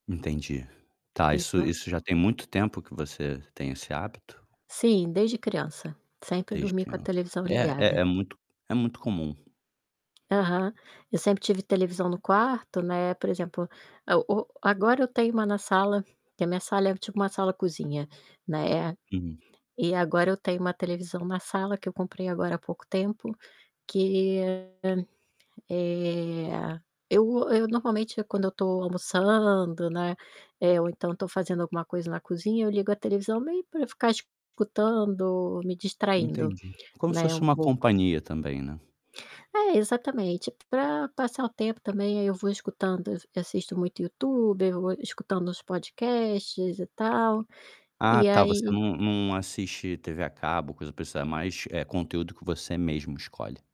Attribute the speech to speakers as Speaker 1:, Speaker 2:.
Speaker 1: Entendi. Tá. Isso
Speaker 2: Isso.
Speaker 1: isso, já tem muito tempo que você tem esse hábito?
Speaker 2: Sim, desde criança, sempre
Speaker 1: Desde
Speaker 2: dormi com a
Speaker 1: criança.
Speaker 2: televisão
Speaker 1: É é é
Speaker 2: ligada.
Speaker 1: muito é muito comum.
Speaker 2: Aham, eu sempre tive televisão no quarto, né. Por exemplo, eu o agora eu tenho uma na sala, que a minha sala é tipo uma sala-cozinha, né, eh.
Speaker 1: Hum.
Speaker 2: E agora eu tenho uma televisão na sala, que eu comprei agora há pouco tempo, que, hã, eh, eu eu normalmente, quando eu tô almoçando, né, eh, ou então tô fazendo alguma coisa na cozinha, eu ligo a televisão meio pra ficar escutando, me distraindo,
Speaker 1: Entendi. Como se
Speaker 2: né,
Speaker 1: fosse
Speaker 2: um
Speaker 1: uma
Speaker 2: pouco.
Speaker 1: companhia também, né?
Speaker 2: É, exatamente, pra passar o tempo também, aí eu vou escutando, eu ve assisto muito YouTube, eu vou escutando os podcasts e tal,
Speaker 1: Ah,
Speaker 2: e
Speaker 1: tá. Você
Speaker 2: aí
Speaker 1: não não assiste TV a cabo, coisa pra você é mais, eh, conteúdo que você mesmo escolhe.